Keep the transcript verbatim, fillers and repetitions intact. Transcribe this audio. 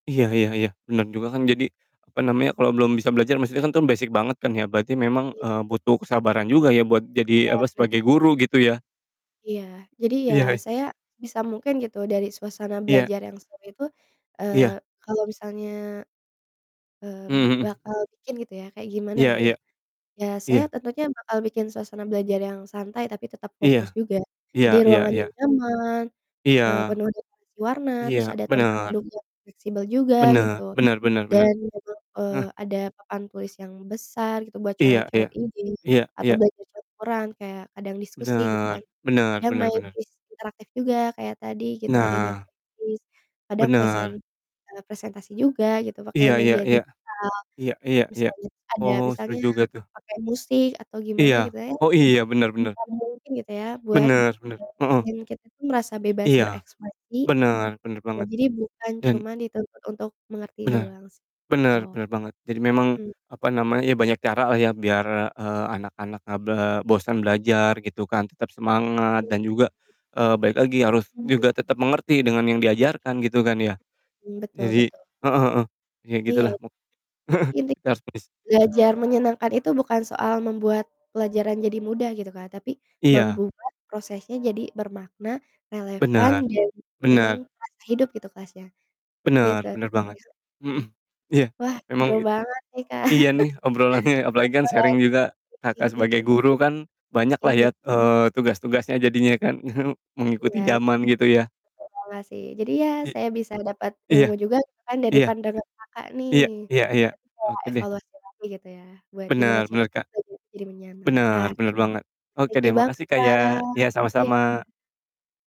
Iya iya iya. Benar juga kan, jadi, apa namanya, kalau belum bisa belajar maksudnya kan tum, basic banget kan ya, berarti memang, Iya. eee, butuh kesabaran juga ya buat jadi, Iya apa, benar, sebagai Kak. guru gitu ya. Iya. Jadi ya Iya, ih. saya sebisa mungkin gitu dari suasana Iya. belajar yang seru itu, Iya. eee, kalau misalnya, mmm, Mhm mhm. bakal bikin gitu ya, kayak gimana Iya gitu, iya. iya saya Iya. tentunya bakal bikin suasana belajar yang santai, tapi tetap fokus Iya. juga. Iya Jadi iya ruangannya iya. nyaman, eee, Iya. penuh dekorasi warna, terus Iya. ada tempat Benar. duduk yang fleksibel juga gitu Benar benar benar benar. dan memang, eee, Heeh. ada papan tulis yang besar gitu buat Iya coret-coret iya. izin Iya atau iya. belajar coret laporan kayak kadang diskusi gitu kan, Benar. Benar kadang benar main benar. kuis interaktif juga, kayak tadi gitu adanya Nah. kuis kadang presen Benar. eee, presentasi juga gitu pakai Iya iya media iya. digital. Iya iya iya. Misalnya tuh ada Oh, seru misalnya juga tuh. pakai musik atau gimana Iya. gitu ya. Oh, iya benar benar. Sebisa mungkin gitu ya buat, eee, Benar benar, heeh. bikin kita tuh merasa bebas Iya. berekspresi, Benar benar ya banget jadi bukan dan cuman dituntut untuk mengerti Benar. doang sih, Benar gitu. benar banget. Jadi memang, Mhm. apa namanya, banyak caralah ya biar, eee, anak-anak enggak ble bosan belajar gitu kan, tetap Mhm, semangat iya dan juga, iya. eee, balik lagi, harus Iya. juga tetap mengerti dengan yang diajarkan gitu kan ya. Mhm. Mmm, betul yadji betul. heeh heeh. Iya Iya, gitulah mu j intik kita harus bis belajar menyenangkan itu bukan soal membuat pelajaran jadi mudah gitu, Kak, tapi Iya. membuat prosesnya jadi bermakna, relevan, Benar. dan memang Benar. terasa hidup gitu kelasnya. Gitu Benar benar banget. sih, heeh, Mhm. mhm. Iya, Wah, seru emang it banget nih, Kak. iya nih, obrolannya apalagi kan [unintelligible] sharing juga I Kakak sebagai iya. guru kan banyaklah Iya. ya, eee, tugas-tugasnya jadinya kan, mengikuti Belaj jaman gitu ya. evaluasi. Jadi ya I saya bisa dapat iya. ilmu juga gitu kan dari Iya. pandangan Kakak nih. Iya iya iya. Jadi kayak Oke deh. evaluasi lagi gitu ya, buat gimana Benar benar, caranya Kak. kita buat jadi Benar menyenangkan. benar banget. Oke Thank deh. you banget, Makasih, Kak, Kak. ya. Iya sama-sama. Iya.